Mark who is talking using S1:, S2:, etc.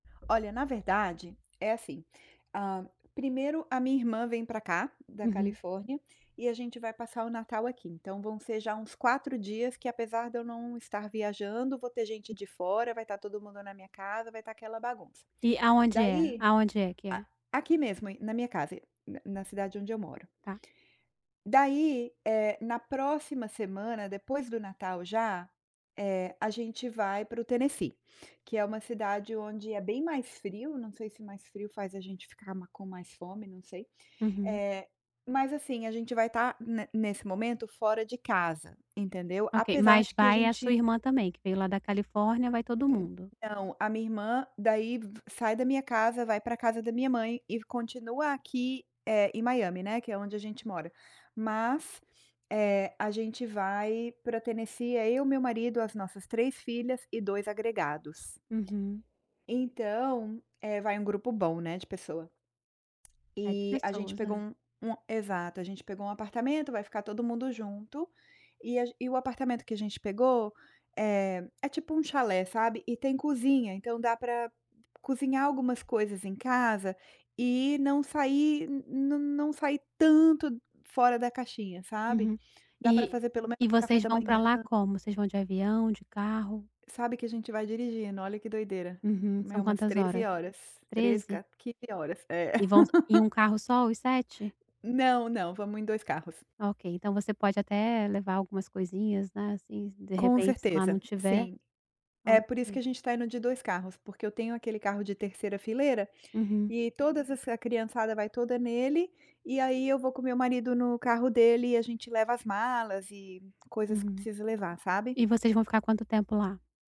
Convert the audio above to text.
S1: Olha, na verdade é assim: hã primeiro a minha irmã vem pra cá da
S2: Uhum.
S1: Califórnia e a gente vai passar o Natal aqui. Então vão ser já uns 4 dias que, apesar de eu não estar viajando, vou ter gente de fora, vai estar todo mundo na minha casa, vai estar aquela bagunça.
S2: E aonde é?
S1: Daí
S2: Aonde é que é?
S1: A aqui mesmo e na minha casa, na na cidade onde eu moro.
S2: Tá.
S1: Daí, eh, na próxima semana, depois do Natal já, eh, a gente vai para o Tennessee, que é uma cidade onde é bem mais frio. Não sei se mais frio faz a gente ficar ma com mais fome, não sei.
S2: Uhum.
S1: Eh, mas assim, a gente vai estar ne nesse momento fora de casa, entendeu?
S2: Ok,
S1: Apesar
S2: mas
S1: de que a
S2: vai a sua
S1: gente
S2: irmã também, que veio lá da Califórnia? Vai todo mundo?
S1: Não, a minha irmã daí v sai da minha casa, vai pra casa da minha mãe e continua aqui, eh, em Miami, né, que é onde a gente mora. Mas, eh, a gente vai pra Tennessee. É eu, meu marido, as nossas 3 filhas e 2 agregados.
S2: Uhum.
S1: Então, eh, vai um grupo bom, né, de pessoa.
S2: É de
S1: Eh, a gente
S2: pessoas
S1: pegou
S2: né.
S1: um um exato, a gente pegou um apartamento, vai ficar todo mundo junto e a e o apartamento que a gente pegou, eh, é tipo um chalé sabe, e tem cozinha, então dá pra cozinhar algumas coisas em casa e não sair, não não sair tanto fora da caixinha, sabe?
S2: Uhum.
S1: Dá para
S2: E
S1: fazer pelo menos
S2: e
S1: o café
S2: vocês
S1: da
S2: vão pra
S1: manhã.
S2: lá como? Vocês vão de avião, de carro?
S1: Sabe que a gente vai dirigindo, olha que doideira,
S2: Uhum,
S1: é
S2: são
S1: umas
S2: quantas
S1: 13
S2: horas?
S1: horas, 13
S2: 13?
S1: ca 15 horas, é.
S2: E vão só em um carro só os 7?
S1: Não, não, vamos em 2 carros.
S2: Ok, então você pode até levar algumas coisinhas, né. Assim, de
S1: Com
S2: repente, se lá não
S1: certeza,
S2: tiver.
S1: sim.
S2: Tá
S1: É por isso que
S2: ok.
S1: a gente está indo de 2 carros, porque eu tenho aquele carro de terceira fileira
S2: Uhum.
S1: e todas essa criançada vai toda nele. E aí eu vou com o meu marido no carro dele, e a gente leva as malas e coisas que
S2: Uhum.
S1: precisa levar, sabe.
S2: E vocês vão ficar quanto tempo lá?